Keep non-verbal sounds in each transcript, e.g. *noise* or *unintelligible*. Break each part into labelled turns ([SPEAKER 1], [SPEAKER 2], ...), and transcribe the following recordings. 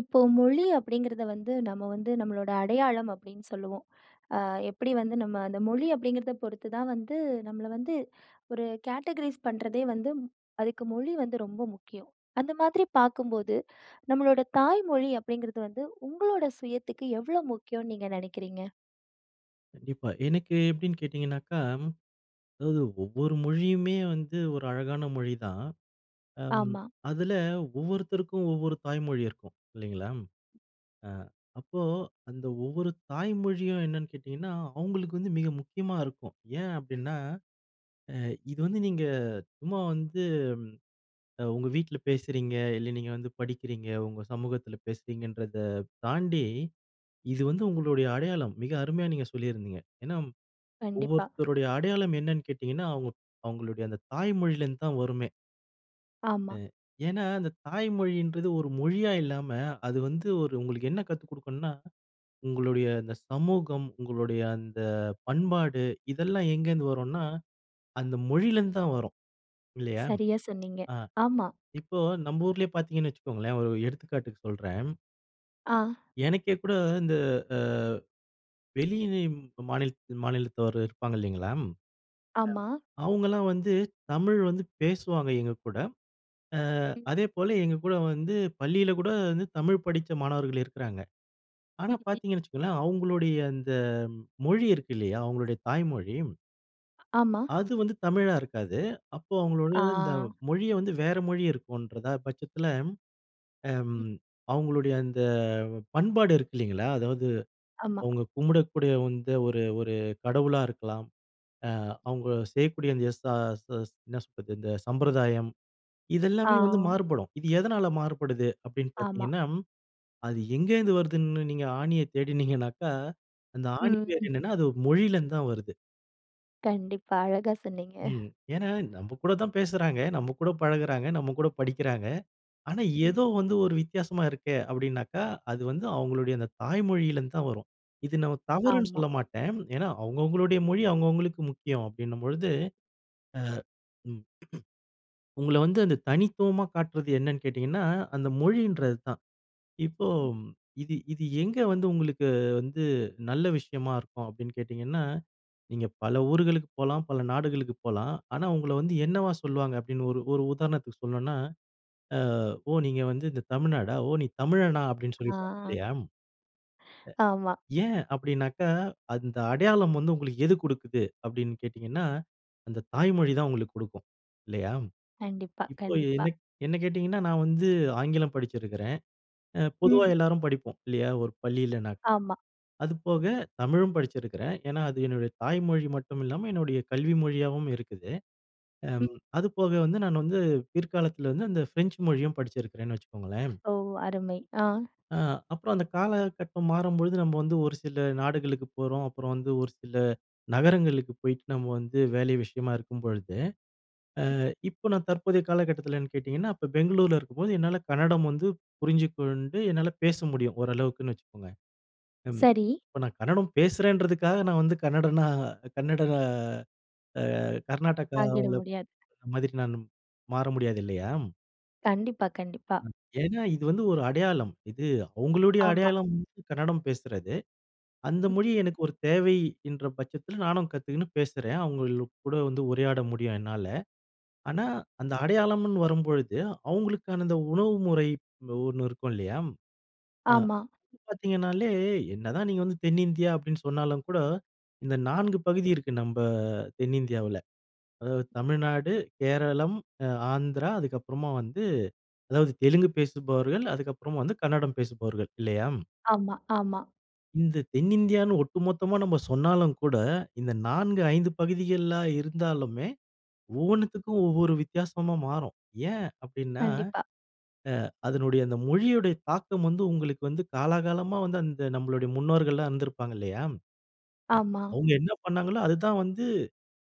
[SPEAKER 1] இப்போ மொழி அப்படிங்கிறத வந்து நம்ம வந்து நம்மளோட அடையாளம் அப்படின்னு சொல்லுவோம். அ எப்படி வந்து நம்ம அந்த மொழி அப்படிங்கிறத பொறுத்துதான் வந்து நம்மள வந்து 1 கேட்டகரீஸ் பண்ணுறதே வந்து அதுக்கு மொழி வந்து ரொம்ப முக்கியம். அந்த மாதிரி பார்க்கும்போது, நம்மளோட தாய் மொழி அப்படிங்கிறது வந்து உங்களோட சுயத்துக்கு, எவ்வளோ முக்கியம்னு நீங்க நினைக்கிறீங்க?
[SPEAKER 2] கண்டிப்பா, எனக்கு எப்படின்னு கேட்டிங்கன்னாக்கா, அதாவது ஒவ்வொரு மொழியுமே வந்து 1 அழகான மொழிதான்.
[SPEAKER 1] ஆமா.
[SPEAKER 2] அதில ஒவ்வொருத்தருக்கும் ஒவ்வொரு தாய்மொழி இருக்கும். இல்லைங்களா, அ அப்போ அந்த ஒவ்வொரு தாய்மொழியும் என்னன்னு கேட்டிங்கன்னா, அவங்களுக்கு வந்து மிக முக்கியமா இருக்கும். ஏன் அப்படின்னா, அ இது வந்து நீங்க சும்மா வந்து, அ உங்க வீட்ல பேசுறீங்க. இல்ல நீங்க வந்து படிக்கிறீங்க, உங்க சமூகத்தில பேசுறீங்கன்றத தாண்டி இது வந்து உங்களுடைய அடையாளம். மிக அருமையா நீங்க சொல்லியிருந்திங்க. ஏன்னா
[SPEAKER 1] கண்டிப்பா.
[SPEAKER 2] ஒவ்வொருத்தருடைய அடையாளம் என்னன்னு கேட்டிங்கன்னா, அவங்க அவங்களுடைய அந்த தாய் மொழியிலேருந்து தான் வருமே!
[SPEAKER 1] ஆமா.
[SPEAKER 2] ம். ஏன்னா அந்த தாய் மொழின்றது 1 மொழியா இல்லாம. அது வந்து 1 உங்களுக்கு என்ன கத்து கொடுக்கணும்னா, உங்களுடைய இந்த சமூகம், உங்களுடைய அந்த பண்பாடு, இதெல்லாம் எங்கேருந்து வரும்னா அந்த மொழியிலேருந்து தான் வரும். இல்லையா!
[SPEAKER 1] சரியா சொன்னீங்க.
[SPEAKER 2] அ
[SPEAKER 1] ஆமா.
[SPEAKER 2] இப்போ நம்ம ஊரிலயே பார்த்தீங்கன்னு வச்சுக்கோங்களேன். 1 எடுத்துக்காட்டுக்கு சொல்றேன்.
[SPEAKER 1] ஆ.
[SPEAKER 2] எனக்கே கூட இந்த அ வெளியில மாநில மாநிலத்தவர் இருப்பாங்க இல்லைங்களா? அம்
[SPEAKER 1] ஆமா.
[SPEAKER 2] அவங்களாம் வந்து தமிழ் வந்து பேசுவாங்க எங்க கூட. அ
[SPEAKER 1] ம்.
[SPEAKER 2] அதேபோல எங்க கூட வந்து பள்ளியில கூட வந்து தமிழ் படிச்ச மாணவர்கள் இருக்குறாங்க.
[SPEAKER 1] ம்.
[SPEAKER 2] ஆனா,
[SPEAKER 1] *unintelligible*
[SPEAKER 2] பார்த்தீங்கன்னு வச்சுக்கோங்களேன், அவங்களுடைய அந்த மொழி இருக்கு இல்லையா? அவங்களுடைய தாய்மொழி.
[SPEAKER 1] ஆமா.
[SPEAKER 2] அது வந்து தமிழா இருக்காது. அப்போ அவங்களோட இந்த
[SPEAKER 1] ஆ.
[SPEAKER 2] மொழிய வந்து வேற மொழி இருக்குன்றத பட்சத்தில, அம்
[SPEAKER 1] ம்.
[SPEAKER 2] அவங்களுடைய அந்த பண்பாடு இருக்கு இல்லைங்களா? அதாவது
[SPEAKER 1] ஆமா.
[SPEAKER 2] அவங்க கும்புடகூடிய வந்து ஒரு ஒரு கடவுளா இருக்கலாம். அ அவங்க செய்யக்கூடிய அந்த எஸ் ச ச என்ன சொல்றது இந்த சம்பிரதாயம்.
[SPEAKER 1] ஆ.
[SPEAKER 2] இதெல்லாமே வந்து மாறுபடும். இது எதனால மாறுபடுது அப்படின்னு
[SPEAKER 1] ஆமா.
[SPEAKER 2] பார்த்தீங்கன்னா, அது எங்கேருந்து வருதுன்னு நீங்க ஆணிய *chuckles* தேடினீங்கனாக்கா, அந்த ஆணி
[SPEAKER 1] ம்.
[SPEAKER 2] வேர் என்னென்னா அது மொழியிலேருந்து தான் வருது.
[SPEAKER 1] கண்டிப்பா அழகாசொன்னீங்க.
[SPEAKER 2] ம். ஏன்னா, நம்ப கூட தான் பேசுறாங்க, நம்ம கூட பழகுகிறாங்க, நம்ம கூட படிக்கிறாங்க. ஆனா
[SPEAKER 1] ம்.
[SPEAKER 2] ஏதோ வந்து ஒரு வித்தியாசமா இருக்கே அப்டினாக்கா, அது வந்து அவங்களுடைய அந்த தாய் மொழியில இருந்து தான் வரும். இது நான் தவறுன்னு
[SPEAKER 1] ஆமா.
[SPEAKER 2] சொல்லமாட்டேன். ஏன்னா, அவங்க அவங்களுடைய மொழி, அவங்க அவங்களுக்கு முக்கியம் அப்டின்னும் பொழுது, அ, ம் *grunts* உங்கள வந்து அந்த தனித்துவமா காட்டுறது என்னன்னு கேட்டிங்கன்னா, அந்த மொழின்றது தான். இப்போ இது இது எங்க வந்து உங்களுக்கு வந்து நல்ல விஷயமா இருக்கும் அப்டின்னு கேட்டிங்கன்னா? நீங்க பல ஊர்களுக்கு போலாம். பல நாடுகளுக்கு போலாம். ஆனா உங்கள வந்து என்னவா சொல்வாங்க அப்படின்னு ஒரு ஒரு உதாரணத்துக்கு சொல்ணுன்னா, அ "ஓ! நீங்க வந்து இந்த தமிழ்நாடா? ஓ! நீ தமிழனா? அப்டின்னு
[SPEAKER 1] அ.
[SPEAKER 2] சொல்லிப்பாங்க, இல்லையா? அ.
[SPEAKER 1] ஆமா.
[SPEAKER 2] ஏன் அப்படின்னாக்கா, அந்த அடையாளம் வந்து உங்களுக்கு எது கொடுக்குது? அப்படின்னு கேட்டீங்கன்னா, அந்த தாய்மொழி தான் உங்களுக்கு கொடுக்கும். இல்லையா?
[SPEAKER 1] கண்டிப்பா,
[SPEAKER 2] இப்போ
[SPEAKER 1] கண்டிப்பா.
[SPEAKER 2] என்ன க் என்ன கேட்டீங்கன்னா, நான் வந்து ஆங்கிலம் படிச்சிருக்கிறேன். அ பொதுவா
[SPEAKER 1] ம்.
[SPEAKER 2] எல்லாரும் படிப்போம். இல்லையா? ஒரு பள்ளியில.
[SPEAKER 1] ஆமா.
[SPEAKER 2] அதுபோக தமிழும் படிச்சிருக்கிறேன். ஏன்னா அது என்னுடைய தாய் மொழி மட்டும் இல்லாம என்னுடைய கல்வி மொழியாவும் இருக்குது. அம்
[SPEAKER 1] ம்.
[SPEAKER 2] அதுபோக வந்து நான் வந்து பிற்காலத்துல வந்து அந்த ஃப்ரெஞ்ச் மொழியும் படிச்சிருக்கிறேன்னு வச்சுக்கோங்களேன்.
[SPEAKER 1] ஓ! அருமை. ஆ.
[SPEAKER 2] அ அப்றம் அந்த காலகட்டம் மாறும்பொழுது நம்ம வந்து ஒரு சில நாடுகளுக்கு போறோம். அப்றம் வந்து ஒரு சில நகரங்களுக்கு போயிட்டு நம்ம வந்து வேலை விஷயமா இருக்கும் பொழுது. அ
[SPEAKER 1] ம்.
[SPEAKER 2] இப்போ நான் தற்போதைய காலகட்டத்திலனு கேட்டிங்கன்னா, அப்போ பெங்களூர்ல இருக்கும்போது என்னால கன்னடம் வந்து புரிஞ்சுக்கொண்டு என்னால பேச முடியும் ஓரளவுக்குன்னு வச்சுக்கோங்க. ம்.
[SPEAKER 1] சரி.
[SPEAKER 2] இப்போ நான் கன்னடம் பேசுறேன்றதுக்காக நான் வந்து கன்னடனா கன்னட அ
[SPEAKER 1] ஆகிட
[SPEAKER 2] கர்நாடகாவில *unintelligible*
[SPEAKER 1] முடியாது.
[SPEAKER 2] மாதிரி நானும் மாற முடியாது இல்லையா?
[SPEAKER 1] கண்டிப்பா, கண்டிப்பா.
[SPEAKER 2] ம். ஏன்னா இது வந்து ஒரு அடையாளம். இது அவங்களுடைய
[SPEAKER 1] ஆமா.
[SPEAKER 2] அடையாளம் கன்னடம் பேசுறது. அந்த மொழி
[SPEAKER 1] ம்.
[SPEAKER 2] எனக்கு ஒரு தேவை என்ற பட்சத்துல நானும் கத்துக்குன்னு பேசுறேன், அவங்கள கூட வந்து உரையாட முடியும் என்னால. ஆனா,
[SPEAKER 1] ம்.
[SPEAKER 2] அந்த அடையாளம்னு வரும்பொழுது, அவங்களுக்கான அந்த உணவு முறை ஒண்ணு னோ இருக்கும் இல்லையா? அ
[SPEAKER 1] ஆமா.
[SPEAKER 2] இப்ப பாத்தீங்கன்னாலே என்னதான் நீங்க வந்து தென்னிந்தியா அப்டின்னு சொன்னாலும் கூட, இந்த 4 பகுதி இருக்கு நம்ம தென்னிந்தியாவுல. அதாவது தமிழ்நாடு, கேரளம், அ ஆந்திரா அதுக்கப்புறமா வந்து, அதாவது தெலுங்கு பேசுபவர்கள், அதுக்கப்புறமா வந்து கன்னடம் பேசுபவர்கள் இல்லையா?
[SPEAKER 1] ஆமா, ஆமா.
[SPEAKER 2] இந்த தென்னிந்தியான்னு ஒட்டுமொத்தமா நம்ம சொன்னாலும் கூட, இந்த 4, 5 பகுதிகளா இருந்தாலுமே, ஒவ்வொன்னத்துக்கும் ஒவ்வொரு வித்தியாசமா மாறும். ஏன் அப்டின்னா,
[SPEAKER 1] கண்டிப்பா.
[SPEAKER 2] அ அதனுடைய அந்த மொழியோட தாக்கம் வந்து உங்களுக்கு வந்து காலாகாலமா வந்து அந்த நம்மளுடைய முன்னோர்கள்லாம் இருந்திருப்பாங்க இல்லையா? அ
[SPEAKER 1] ஆமா.
[SPEAKER 2] அவங்க என்ன பண்ணாங்களோ அதுதான் வந்து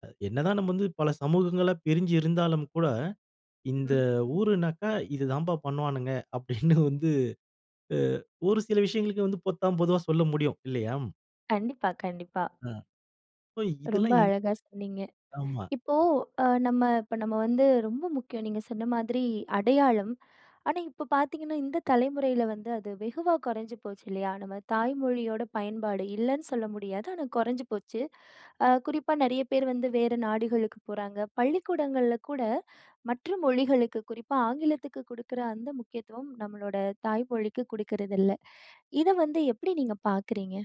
[SPEAKER 2] அ என்னதான் நம்ம வந்து பல சமூகங்களா பிரிஞ்சி இருந்தாலும் கூட, இந்த
[SPEAKER 1] ம்.
[SPEAKER 2] ஊருன்னாக்கா இது தான்பா பண்ணுவானுங்க, அப்டின்னு வந்து *chuckles* அ ஒரு சில விஷயங்களுக்கு வந்து பொத்தாம்பொதுவா சொல்ல முடியும். இல்லையா?
[SPEAKER 1] கண்டிப்பா, கண்டிப்பா.
[SPEAKER 2] ஆ இப்ப
[SPEAKER 1] ரொம்ப
[SPEAKER 2] இதெல்லாம் எவ்
[SPEAKER 1] அழகா சொன்னீங்க.
[SPEAKER 2] ஆமா.
[SPEAKER 1] இப்போ அ நம்ப இப்போ நம்ப வந்து ரொம்ப முக்கியம் நீங்க சொன்ன மாதிரி அடையாளம். ஆனா, இப்ப பாத்தீங்கன்னா, இந்த தலைமுறையில வந்து அது வெகுவா குறைஞ்சு போச்சு இல்லயா? நம்ப தாய் மொழியோட பயன்பாடு இல்லன்னு சொல்ல முடியாது. ஆனா, குறைஞ்சு போச்சு. அ குறிப்பா நெறைய பேர் வந்து வேற நாடுகளுக்கு போறாங்க. பள்ளிக்கூடங்கள்ல கூட மற்ற மொழிகளுக்கு, குறிப்பா ஆங்கிலத்துக்கு குடுக்குற அந்த முக்கியத்துவம் நம்பளோட தாய் மொழிக்கு குடுக்கறது இல்ல, இத வந்து எப்படி நீங்க பாக்குறீங்க?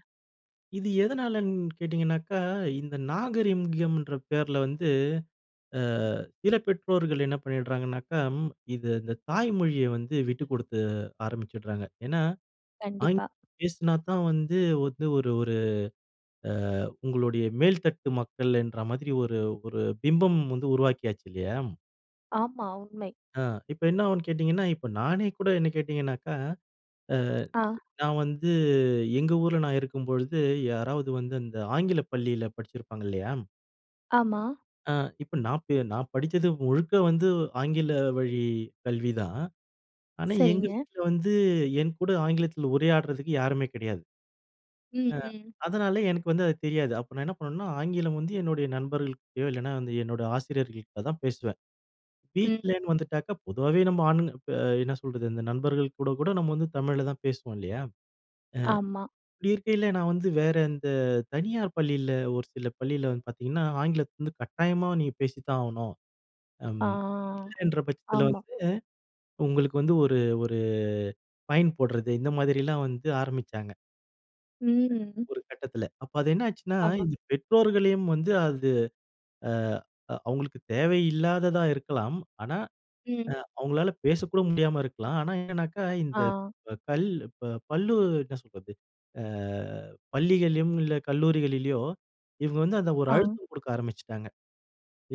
[SPEAKER 2] இது எதனாலன்னு கேட்டிங்கனாக்கா, இந்த நாகரிகம்ன்ற பேருல வந்து, அ சில பெற்றோர்கள் என்ன பண்ணிடுறாங்கனாக்கா, இது இந்த தாய் மொழிய வந்து விட்டு குடுத்து ஆரம்பிச்சிடுறாங்க. ஏன்னா,
[SPEAKER 1] கண்டிப்பா.
[SPEAKER 2] ஆங்கிலம் பேசுனா தான் வந்து வந்து ஒரு ஒரு அ உங்களுடைய மேல்தட்டு மக்கள் என்ற மாதிரி ஒரு ஒரு பிம்பம் வந்து உருவாக்கியாச்சு இல்லயா?
[SPEAKER 1] ஆமா உண்மை.
[SPEAKER 2] ஆ இப்ப என்ன ஆகும்னு கேட்டிங்கன்னா, இப்ப நானே கூட என்ன கேட்டிங்கனாக்கா, அ
[SPEAKER 1] ஆ.
[SPEAKER 2] நான் வந்து எங்க ஊருல நான் இருக்கும்பொழுது யாராவது வந்து அந்த ஆங்கிலப் பள்ளியில படிச்சிருப்பாங்க, இல்லயா?
[SPEAKER 1] ஆமா.
[SPEAKER 2] அ இப்போ நான் பி நான் படிச்சது முழுக்க வந்து ஆங்கில வழி கல்வி தான். ஆனா, எங்க
[SPEAKER 1] சரிங்க.
[SPEAKER 2] வீட்ல வந்து என்கூட ஆங்கிலத்ல உரையாடுறதுக்கு யாருமே கிடையாது.
[SPEAKER 1] ம்,
[SPEAKER 2] அ
[SPEAKER 1] ம்.
[SPEAKER 2] அதனால எனக்கு வந்து அது தெரியாது. அப்போ நான் என்ன பண்ணுவேன்னா, ஆங்கிலம் வந்து என்னுடைய நண்பர்கள்ட்டயோ இல்லனா வந்து என்னோட ஆசிரியர்கள்ட்ட தான் பேசுவேன்.
[SPEAKER 1] ம்.
[SPEAKER 2] வீட்லன்னு வந்துட்டாக்கா பொதுவாவே நம்ம ஆண், ப என்ன சொல்றது, இந்த நண்பர்கள் கூட கூட நம்ம வந்து தமிழ்ல தான் பேசுவோம், இல்லையா. அ
[SPEAKER 1] ஆமா.
[SPEAKER 2] இப்டி இருக்கைல, நான் வந்து வேற இந்த தனியார் பள்ளியில ஒரு சில பள்ளியில வந்து பாத்தீங்கன்னா, ஆங்கிலத்த வந்து கட்டாயமா நீங்க பேசித்தான் ஆகணும். அம்
[SPEAKER 1] ஆ,
[SPEAKER 2] *smacks lips* இல்லைன்ற பட்சத்தில
[SPEAKER 1] ஆமா.
[SPEAKER 2] வந்து உங்களுக்கு வந்து ஒரு ஒரு ஃபைன் போடுறது இந்த மாதிரிலாம் வந்து ஆரம்பிச்சாங்க.
[SPEAKER 1] ம்.
[SPEAKER 2] ஒரு கட்டத்தில. அப்போ அது என்னாச்சுன்னா,
[SPEAKER 1] ஆமா.
[SPEAKER 2] இது பெற்றோர்களையும் வந்து அது அ அவுங்களுக்கு தேவை இல்லாததா இருக்கலாம், ஆனா
[SPEAKER 1] ம்.
[SPEAKER 2] அ அவுங்களால பேசக்கூட முடியாம இருக்கலாம். ஆனா என்னன்னாக்கா, இந்த
[SPEAKER 1] ஆ.
[SPEAKER 2] கல் இப்போ பள்ளி என்ன சொல்றது அ பள்ளிகள்லயும் இல்ல கல்லூரிகளிலயோ, இவுங்க வந்து அந்த ஒரு
[SPEAKER 1] ஆ.
[SPEAKER 2] அழுத்தம் குடுக்க ஆரம்பிச்சுட்டாங்க.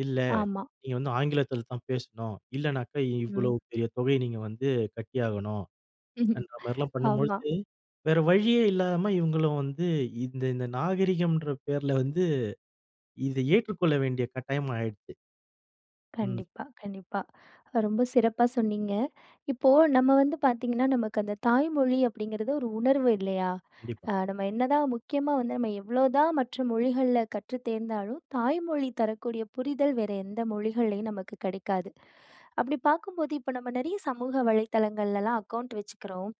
[SPEAKER 2] “இல்ல,
[SPEAKER 1] ஆமா.
[SPEAKER 2] நீ வந்து ஆங்கிலத்தில் தான் பேசணும். இல்லனாக்கா இவ்வளோ
[SPEAKER 1] ம்.
[SPEAKER 2] பெரிய தொகைய நீங்க வந்து கட்டியாகணும்”
[SPEAKER 1] ம்ஹ்ம்,
[SPEAKER 2] என்ற மாரிலாம்
[SPEAKER 1] ஆமா.
[SPEAKER 2] பண்ணம்பொழுது, வேற வழியே இல்லாம இவுங்களும் வந்து இந்த இந்த நாகரிகம்ன்ற பேர்ல வந்து, இதை ஏற்றுக்கொள்ள வேண்டிய கட்டாயம் ஆயிடுச்சு. ம்.
[SPEAKER 1] கண்டிப்பா, கண்டிப்பா. ரொம்ப சிறப்பா சொன்னீங்க. இப்போ நம்ம வந்து பாத்தீங்கன்னா, நமக்கு அந்த தாய் மொழி அப்படிங்கிறது ஒரு உணர்வு இல்லையா? அ
[SPEAKER 2] கண்டிப்பா.
[SPEAKER 1] நம்ம என்னதான் முக்கியமா வந்து நம்ம எவ்ளோதான் மற்ற மொழிகள்ல கற்றுத் தேர்ந்தாலும், தாய்மொழி தரக்கூடிய புரிதல், வேற எந்த மொழிகள்லயும் நமக்கு கிடைக்காது. அப்டி பாக்கும்போது, இப்ப நம்ம நெறைய சமூக வலைதளங்கள்லலாம் அக்கவுண்ட் வெச்சுக்கறோம்.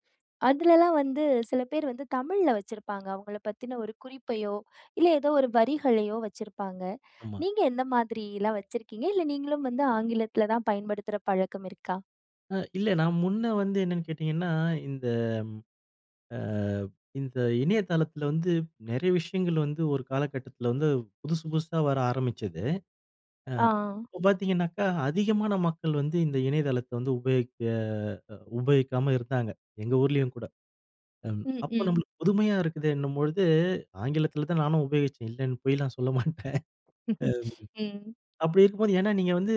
[SPEAKER 1] அதுலலாம் வந்து சில பேர் வந்து தமிழ்ல வச்சிருப்பாங்க. அவுங்கள பத்தின ஒரு குறிப்பையோ, இல்ல ஏதோ ஒரு வரிகளயோ வச்சிருப்பாங்க.
[SPEAKER 2] ஆமா.
[SPEAKER 1] நீங்க எந்த மாதிரி எல்லாம் வச்சிருக்கீங்க? இல்ல நீங்களும் வந்து ஆங்கிலத்தில தான் பயன்படுத்துற பழக்கம் இருக்கா?
[SPEAKER 2] அ இல்ல நான் முன்ன வந்து என்னன்னு கேட்டிங்கன்னா, இந்த ஆ இந்த இணையதளத்தில வந்து நிறைய விஷயங்கள் வந்து ஒரு காலக்கட்டத்தில வந்து புதுசு புதுசா வர ஆரம்பிச்சது, அ
[SPEAKER 1] ஆ.
[SPEAKER 2] இப்போ பார்த்தீங்கனாக்கா, அதிகமான மக்கள் வந்து இந்த இணையதளத்த வந்து உபயோகிக்க உபயோகிக்காம இருந்தாங்க, எங்க ஊரிலேயும் கூட, ம்
[SPEAKER 1] ம்
[SPEAKER 2] அப்போ
[SPEAKER 1] ம்.
[SPEAKER 2] நம்மளுக்கு புதுமையா இருக்குதேன்னும் பொழுது, ஆங்கிலத்தில தான் நானும் உபயோகிச்சேன் இல்லைன்னு பொய்லாம் சொல்ல மாட்டேன்,
[SPEAKER 1] *chuckles* ம்.
[SPEAKER 2] அப்படி இருக்கும்போது ஏன்னா நீங்க வந்து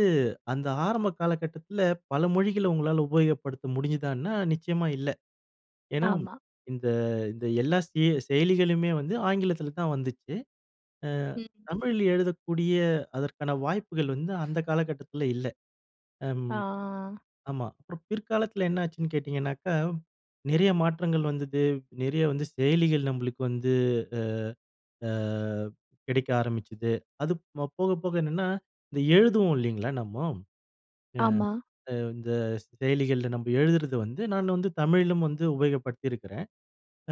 [SPEAKER 2] அந்த ஆரம்ப காலகட்டத்தில பல மொழிகள உங்களால உபயோகப்படுத்த முடிஞ்சிதானா? நிச்சயமா இல்ல, ஏன்னா
[SPEAKER 1] ஆமா.
[SPEAKER 2] இந்த இந்த எல்லா செ செயலிகளுமே வந்து ஆங்கிலத்தில தான் வந்துச்சு, ஆ
[SPEAKER 1] ம்.
[SPEAKER 2] தமிழில எழுதக்கூடிய அதற்கான வாய்ப்புகள் வந்து அந்த காலகட்டத்தில இல்ல, அம்
[SPEAKER 1] ஆ. ஆ. ஆ.
[SPEAKER 2] ஆமா. அப்புறம் பிற்காலத்தில என்ன ஆச்சுன்னு கேட்டிங்கனாக்கா, நிறைய மாற்றங்கள் வந்தது, நிறைய வந்து செயலிகள் நம்மளுக்கு வந்து அ ஆ கிடைக்க ஆரம்பிச்சுது, அது ப் போக போக என்னென்னா, இந்த எழுதுவோம் இல்லைங்களா? நம்மோ,
[SPEAKER 1] ஆமா.
[SPEAKER 2] ஆ இந்த செயலிகளில நம்ம எழுதுறது வந்து நான் வந்து தமிழிலும் வந்து உபயோகப்படுத்தியிருக்கிறேன்,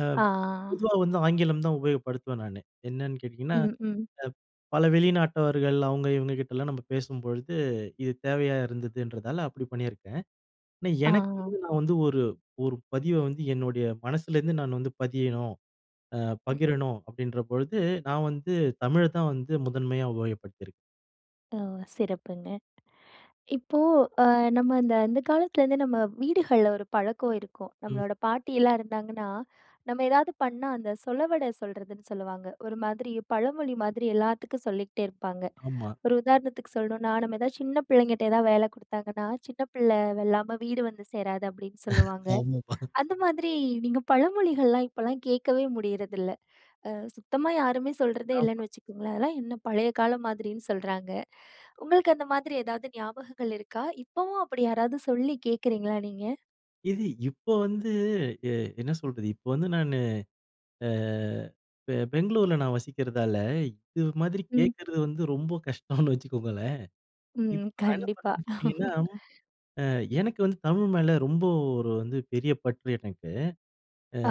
[SPEAKER 2] அ
[SPEAKER 1] ஆ.
[SPEAKER 2] பொதுவா வந்து ஆங்கிலம் தான் உபயோகப்படுத்துவேன் நானு, என்னன்னு கேட்டீங்கன்னா,
[SPEAKER 1] ம். ம்.
[SPEAKER 2] அ பல வெளிநாட்டவர்கள் அவங்க இவங்க கிட்டலாம் நம்ம பேசும்பொழுது, இது தேவையா இருந்ததுன்றதால அப்படி பண்ணியிருக்கேன், ஆனா எனக்கு
[SPEAKER 1] ஆ.
[SPEAKER 2] வந்து நான் வந்து ஒரு ஒரு பதிவ வந்து என்னுடைய மனசுலேருந்து நான் வந்து பதியணும், ஆ
[SPEAKER 1] ம்.
[SPEAKER 2] பகிரணும் அப்படின்ற பொழுது நான் வந்து தமிழ தான் வந்து முதன்மையா உபயோகப்படுத்தியிருக்கேன்.
[SPEAKER 1] ஓ! சிறப்புங்க. இப்போ அ நம்ம இந்த அந்த காலத்துலேருந்து நம்ம வீடுகள்ல ஒரு பழக்கம் இருக்கும்.
[SPEAKER 2] ம்.
[SPEAKER 1] நம்மளோட பாட்டியெல்லாம் இருந்தாங்கன்னா, நம்ம ஏதாவது பண்ணா அந்த சொலவட சொல்றதுனு சொல்லுவாங்க ஒரு மாதிரி பழமொழி மாதிரி எல்லாத்துக்கு சொல்லிகிட்டே இருப்பாங்க.
[SPEAKER 2] ஆமா.
[SPEAKER 1] ஒரு உதாரணத்துக்கு சொல்லணும்னா நம்ம எதாவது சின்ன பிள்ளைங்கிட்ட எதாவது வேல குடுத்தாங்கன்னா "சின்ன பிள்ள வெல்லாம வீடு வந்து சேராது" அப்படின்னு
[SPEAKER 2] *chuckles*
[SPEAKER 1] சொல்லுவாங்க.
[SPEAKER 2] ஆமாமா.
[SPEAKER 1] அந்த மாதிரி நீங்க பழமொழிகள்லா இப்போலாம் கேட்கவே முடியறதில்லை. ஆ சுத்தமா யாருமே சொல்ரதே
[SPEAKER 2] ஆமா.
[SPEAKER 1] இல்லனு வச்சுக்கோங்களேன். அதெல்லாம் என்ன பழைய காலம் மாதிரினு சொல்றாங்க. உங்களுக்கு அந்த மாதிரி எதாவது ஞாபகங்கள் இருக்கா? இப்பவு அப்படி யாராவது சொல்லி கேக்றீங்களா நீங்க?
[SPEAKER 2] இது இப்ப வந்து அ என்ன சொல்றது. இப்ப வந்து நானு ஆ பெ பெங்களூர்ல நான் வசிக்கிறதால இது மாதிரி
[SPEAKER 1] ம்.
[SPEAKER 2] கேட்கிறது வந்து ரொம்ப கஷ்டம்னு வச்சுக்கோங்களேன். இப்ப
[SPEAKER 1] ம்.
[SPEAKER 2] நான் என்ன
[SPEAKER 1] கண்டிப்பா.
[SPEAKER 2] பண்ணுவேன்னு கேட்டிங்கன்னா,
[SPEAKER 1] *laughs*
[SPEAKER 2] ஆ எனக்கு வந்து தமிழ் மேல ரொம்ப ஒரு வந்து பெரிய பற்று எனக்கு.
[SPEAKER 1] ஆ.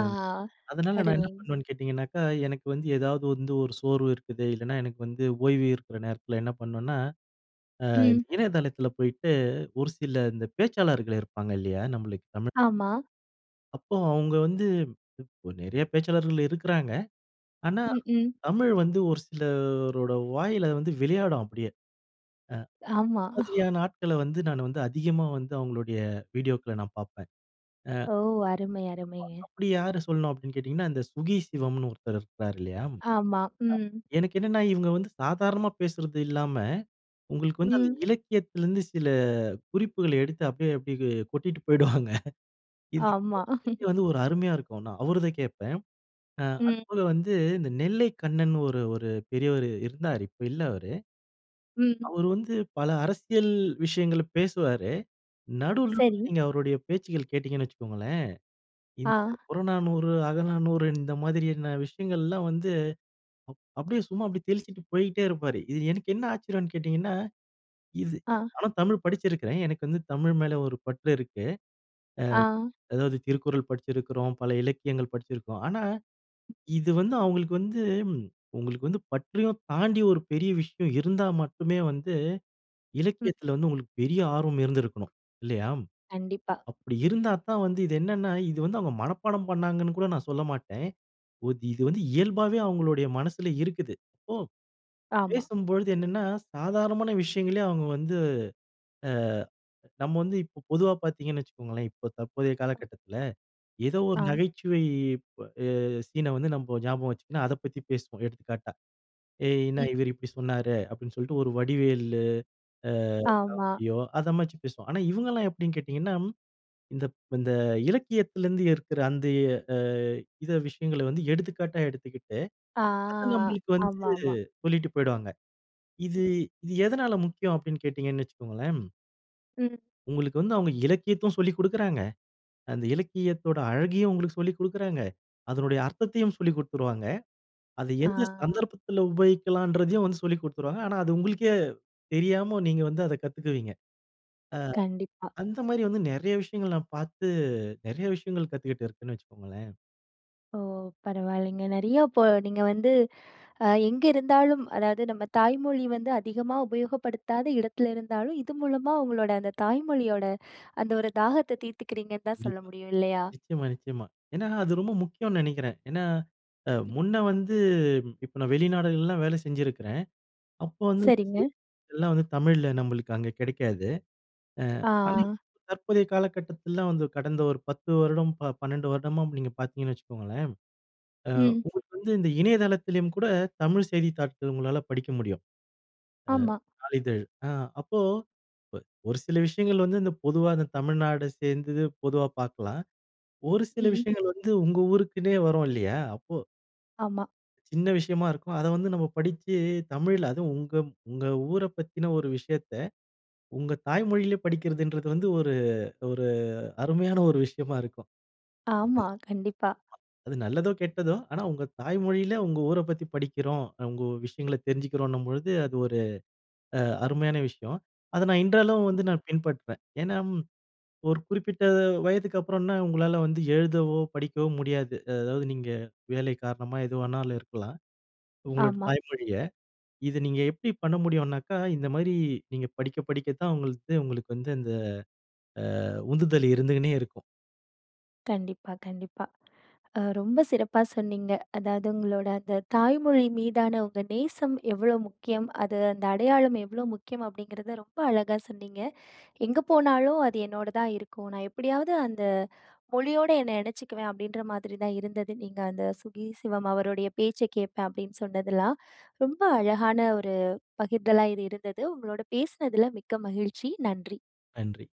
[SPEAKER 2] ஆ அதனால நான் என்ன
[SPEAKER 1] அருமை.
[SPEAKER 2] பண்ணுவேன்னு கேட்டிங்கனாக்கா, எனக்கு வந்து ஏதாவது வந்து ஒரு சோர்வு இருக்குது இல்லைனா எனக்கு வந்து ஓய்வு இருக்கிற நேரத்தில என்ன பண்ணுவேனா,
[SPEAKER 1] ம்.
[SPEAKER 2] இணையதளத்தில போயிட்டு ஒரு சில இந்த பேச்சாளர்கள் இருப்பாங்க இல்லையா? நம்மளுக்கு தமிழ்
[SPEAKER 1] ஆமா.
[SPEAKER 2] அப்போ, அவங்க வந்து நெறைய பேச்சாளர்கள் இருக்குறாங்க. ஆனா,
[SPEAKER 1] ம். ம்.
[SPEAKER 2] தமிழ் வந்து ஒரு சிலரோட வாயில வந்து வெளையாடும் அப்படியே.
[SPEAKER 1] ஆமா.
[SPEAKER 2] அ இந்த
[SPEAKER 1] *chuckles*
[SPEAKER 2] மாதிரியான ஆட்களை வந்து நானு வந்து அதிகமா வந்து அவங்களுடைய வீடியோக்கள நான் பாப்பேன். அ
[SPEAKER 1] ஓ! அருமை, அருமைங்க.
[SPEAKER 2] அப்போ அப்படி யார சொல்லணும் அப்டீன்னு கேட்டீங்கன்னா, இந்த சுகி சிவம்ன்னு ஒருத்தரு இருக்குறாரு இல்லையா? அ
[SPEAKER 1] ஆமா. ம்.
[SPEAKER 2] எனக்கு என்னன்னா, இவங்க வந்து சாதாரணமா பேசுறது இல்லாம உங்களுக்கு வந்து அந்த
[SPEAKER 1] ம்.
[SPEAKER 2] இலக்கியத்துலேருந்து சில குறிப்புகள எடுத்து அப்படியே அப்படியே கொட்டிட்டு போயிடுவாங்க. இது
[SPEAKER 1] ஆமா.
[SPEAKER 2] கேட்கறதுக்கே
[SPEAKER 1] *laughs*
[SPEAKER 2] வந்து ஒரு அருமையா இருக்கும் ஆனா. அவருத கேட்பேன். அ
[SPEAKER 1] ம்.
[SPEAKER 2] அதுபோல வந்து இந்த நெல்லை கண்ணன்னு ஒரு ஒரு பெரியவர் இருந்தாரு, இப்ப இல்ல அவரு.
[SPEAKER 1] ம்.
[SPEAKER 2] அவரு வந்து பல அரசியல் விஷயங்கள பேசுவாரு. நடுவுலருந்து
[SPEAKER 1] சரி.
[SPEAKER 2] நீங்க அவருடைய பேச்சுகள் கேட்டீங்கன்னு வச்சுக்கோங்களேன். இந்த
[SPEAKER 1] ஆ.
[SPEAKER 2] புறநானூறு, அகநானூறு இந்த மாதிரியான விஷயங்கள்லாம் வந்து அப் அப்படியே சும்மா அப்படியே தெளிச்சுட்டு போய்ட்டே இருப்பாரு. இது எனக்கு என்ன ஆச்சரியம்ன்னு கேட்டீங்கன்னா, இது
[SPEAKER 1] ஆ.
[SPEAKER 2] ஆனா தமிழ் படிச்சிருக்குறேன். எனக்கு வந்து தமிழ் மேல ஒரு பற்று இருக்கு.
[SPEAKER 1] ஆ.
[SPEAKER 2] அ அதாவது திருக்குறள் படிச்சிருக்குறோம். பல இலக்கியங்கள் படிச்சுருக்கோம். ஆனா,
[SPEAKER 1] ம்.
[SPEAKER 2] இது வந்து அவங்களுக்கு வந்து, உங்களுக்கு வந்து பற்றையும் தாண்டி ஒரு பெரிய விஷயம் இருந்தா மட்டுமே வந்து
[SPEAKER 1] ம்.
[SPEAKER 2] இலக்கியத்துல வந்து உங்களுக்கு பெரிய ஆர்வம் இருந்துருக்கனும் இல்லையா?
[SPEAKER 1] கண்டிப்பா.
[SPEAKER 2] அப்படி இருந்தா தான் வந்து, இது என்னன்னா இது வந்து அவங்க மனப்பாடம் பண்ணாங்கன்னு கூட நான் சொல்ல மாட்டேன். ஒது இது வந்து இயல்பாவே அவங்களுடைய மனசுல இருக்குது. அப்போ
[SPEAKER 1] ஆமா.
[SPEAKER 2] பேசும்பொழுது என்னன்னா, சாதாரணமான விஷயங்களயே அவங்க வந்து அ நம்ப வந்து இப்ப பொதுவா பாத்தீங்கன்னு வச்சுக்கோங்களேன், இப்ப தற்போதைய காலக்கட்டத்துல. ஏதோ ஒரு
[SPEAKER 1] ஆ.
[SPEAKER 2] நகைச்சுவை இப் அ சீன வந்து நம்போ ஞாபகம் வச்சுக்குனா அத பத்தி பேசுவோம். எடுத்துக்காட்டா, "ஏய்! என்னா
[SPEAKER 1] ம்.
[SPEAKER 2] இவரு இப்படி சொன்னாரு." அப்படீன்னு சொல்லிட்டு ஒரு வடிவேலு அ
[SPEAKER 1] ஆமா.
[SPEAKER 2] காமெடியோ, அத மாதிரி பேசுவோம். ஆனா, இவங்கல்லாம் எப்படீன்னு கேட்டீங்கன்னா, இந்த ப் இந்த இலக்கியத்துலருந்து இருக்குற அந்த அ இத விஷயங்கள வந்து எடுத்துக்காட்டா எடுத்துக்கிட்டு,
[SPEAKER 1] ஆ.
[SPEAKER 2] அத நம்மளுக்கு வந்து
[SPEAKER 1] ஆமாமா.
[SPEAKER 2] சொல்லிட்டு போய்டுவாங்க.
[SPEAKER 1] ம்.
[SPEAKER 2] இது இது எதுனால முக்கியம் அப்படீன்னு கேட்டீங்கன்னு வச்சுக்கோங்களேன்.
[SPEAKER 1] ம்.
[SPEAKER 2] உங்களுக்கு வந்து அவங்க இலக்கியமும் சொல்லிக் குடுக்குறாங்க, அந்த இலக்கியத்தோட அழகையும் உங்களுக்கு சொல்லிக் குடுக்குறாங்க, அதனுடைய அர்த்தத்தையும் சொல்லிக் குடுத்துருவாங்க, அத எந்த
[SPEAKER 1] ஆ.
[SPEAKER 2] சந்தர்ப்பத்துல உபயோகிக்கலாம்ன்றதையும் வந்து சொல்லிக் குடுத்துருவாங்க. ஆனா அது உங்களுக்கே தெரியாம நீங்க வந்து அத கத்துக்குவீங்க. அ
[SPEAKER 1] கண்டிப்பா.
[SPEAKER 2] அந்த மாரி வந்து நெறைய விஷயங்கள் நான் பார்த்து நெறைய விஷயங்கள் கத்துக்கிட்டு இருக்கேன்னு வெச்சுக்கோங்களேன்.
[SPEAKER 1] ஓ! பரவாயில்லங்க. நெறைய இப்போ நீங்க வந்து, அ எங்க இருந்தாலும் அதாவது நம்ம தாய்மொழி வந்து அதிகமா உபயோகப்படுத்தாத இடத்துல இருந்தாலும், இது மூலமா உங்களோட அந்த தாய்மொழியோட அந்த ஒரு தாகத்த தீத்துக்கிறீங்கன்னு தான் சொல்ல
[SPEAKER 2] கண்டிப்பா.
[SPEAKER 1] முடியும். இல்லயா?
[SPEAKER 2] நிச்சயமா, நிச்சயமா. ஏனா அது ரொம்ப முக்கியோன்னு நெனைக்கிறேன். ஏனா, அ
[SPEAKER 1] ம்.
[SPEAKER 2] முன்ன வந்து இப்ப நான் வெளிநாடுகள்லலாம் வேல செஞ்சிருக்குறேன். அப்போ வந்து இந்த
[SPEAKER 1] சரிங்க.
[SPEAKER 2] செய்தித்தாள்கள்லாம் வந்து தமிழ்ல நம்மளுக்கு அங்க கிடைக்காது. அ ஆனா
[SPEAKER 1] ஆ.
[SPEAKER 2] இப் தற்போதைய காலகட்டத்துல வந்து கடந்த ஒரு 10 வருடம் ப 12 வருடமா நீங்க பார்த்தீங்கன்னு வச்சுக்கோங்களேன், அ
[SPEAKER 1] ம்.
[SPEAKER 2] உங்களுக்கு வந்து இந்த இணையதளத்துலயும் கூட, தமிழ் செய்தித்தாள்கள் உங்களால படிக்க முடியும். அ
[SPEAKER 1] ஆமா.
[SPEAKER 2] "நாளிதழ்" அ அப்போ ஒரு சில விஷயங்கள் வந்து, இந்தப் பொதுவா தமிழ்நாடு சேர்ந்தது பொதுவா பார்க்கலாம். ஒரு சில
[SPEAKER 1] ம்.
[SPEAKER 2] விஷயங்கள் வந்து உங்க ஊருக்குனே வரும் இல்லையா, அப்போ
[SPEAKER 1] ஆமா.
[SPEAKER 2] சின்ன விஷயமா இருக்கும். அத வந்து நம்ம படிச்சு தமிழ்ல அதுவும் உங்க உங்க ஊர பத்தின ஒரு விஷயத்த உங்க தாய் மொழியில படிக்கிறதுன்றது வந்து ஒரு ஒரு அருமையான ஒரு விஷயமா இருக்கும். அது
[SPEAKER 1] ஆமா, கண்டிப்பா.
[SPEAKER 2] அது நல்லதோ! கெட்டதோ! ஆனா உங்க தாய்மொழில உங்க ஊர பத்தி படிக்கிறோம். உங்க விஷயங்கள தெரிஞ்சிக்கிறோன்னும்பொழுது அது ஒரு அ அருமையான விஷயம். அத நான் இன்றளவும் வந்து நான் பின்பற்றுவேன். ஏனா ம், ஒரு குறிப்பிட்ட வயதுக்கு அப்புறன்னா உங்களால வந்து எழுதவோ! படிக்கவோ! முடியாது. அதாவது நீங்க வேலை காரணமா எது வேணாலும் இருக்கலாம். உங்களோட
[SPEAKER 1] ஆமா.
[SPEAKER 2] தாய்மொழிய, இத நீங்க எப்டி பண்ண முடியும்னாக்கா, இந்தமாரி நீங்க படிக்க படிக்க தான் உங்களது உங்களுக்கு வந்து அந்த அ உந்துதல் இருந்துட்டே இருக்கும்.
[SPEAKER 1] கண்டிப்பா, கண்டிப்பா. அ ரொம்ப சிறப்பா சொன்னீங்க. அதாவது உங்களோட அந்த தாய்மொழி மீதான உங்க நேசம் எவ்ளோ முக்கியம். அது அந்த அடையாளம் எவ்ளோ முக்கியம் அப்டிங்கிறத ரொம்ப அழகா சொன்னீங்க. எங்க போனாலும் அது என்னோட தான் இருக்கும். நான் எப்டியாவது அந்த மொழியோட என்ன இணச்சிக்குவேன் அப்டின்ற மாதிரி தான் இருந்தது. நீங்க அந்த "சுகி சிவம்" அவருடைய பேச்ச கேட்பேன் அப்டின்னு சொன்னதெல்லாம். ரொம்ப அழகான ஒரு பகிர்தலா இது இருந்தது. உங்களோட பேசனதில மிக்க மகிழ்ச்சி. நன்றி.
[SPEAKER 2] நன்றி.